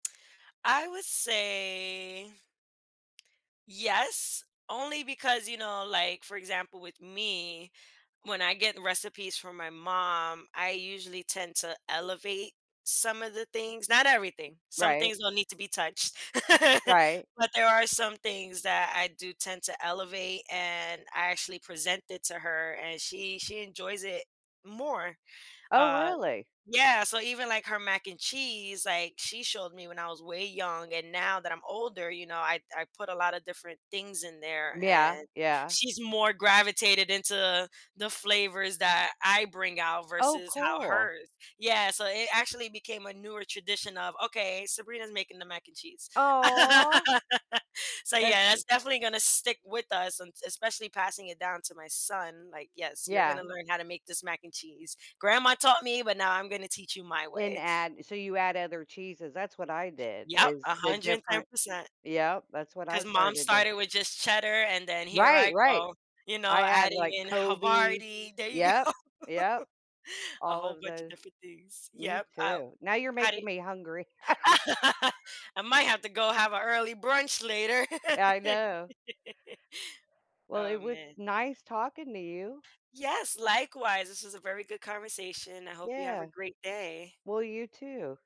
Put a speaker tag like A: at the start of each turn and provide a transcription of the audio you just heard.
A: I would say yes, only because, you know, like, for example, with me, when I get recipes from my mom, I usually tend to elevate some of the things not everything, some
B: Right.
A: things don't need to be touched.
B: Right.
A: But, there are some things that I do tend to elevate and I actually present it to her and she she enjoys it more,
B: Oh,
A: uh
B: really?
A: yeah, so even, like, her mac and cheese, like, she showed me when I was way young and now that I'm older, you know, I I put a lotta different things in there
B: Yeah,
A: and
B: yeah.
A: she's more gravitated into the flavors that I bring out
B: Oh,
A: versus how
B: cool.
A: hers yeah, so it actually became a newer tradition of, "Okay, Sabrina's making the mac and cheese."
B: Aw.
A: So,
B: That's
A: yeah,
B: g
A: that's definitely gonna stick with us, and s especially passing it down to my son, like, "Yes, you're
B: Yeah.
A: gonna learn how to make this mac and cheese. Grandma taught me, but now I'm gonna teach you my
B: And
A: way."
B: add so you add other cheeses, that's what I did
A: Yep, a
B: is the
A: hundred and ten
B: different
A: percent.
B: Yup, that's what I
A: 'Cause mom
B: started to
A: started with just cheddar, and then here
B: Right,
A: I
B: right.
A: go, you know,
B: I add,
A: adding
B: like,
A: in
B: Colby
A: Havarti there you
B: yup,
A: go.
B: yup.
A: A
B: All
A: whole
B: of
A: bunch of
B: tho
A: different things
B: me
A: yep, uh,
B: too, now you're
A: how do
B: making me hungry.
A: I might have to go have an early brunch later.
B: I know. Well, it
A: Oh
B: was
A: man.
B: nice talking to you.
A: Yes, likewise, this is a very good conversation, I hope you have a
B: Yeah.
A: great day.
B: Well, you too.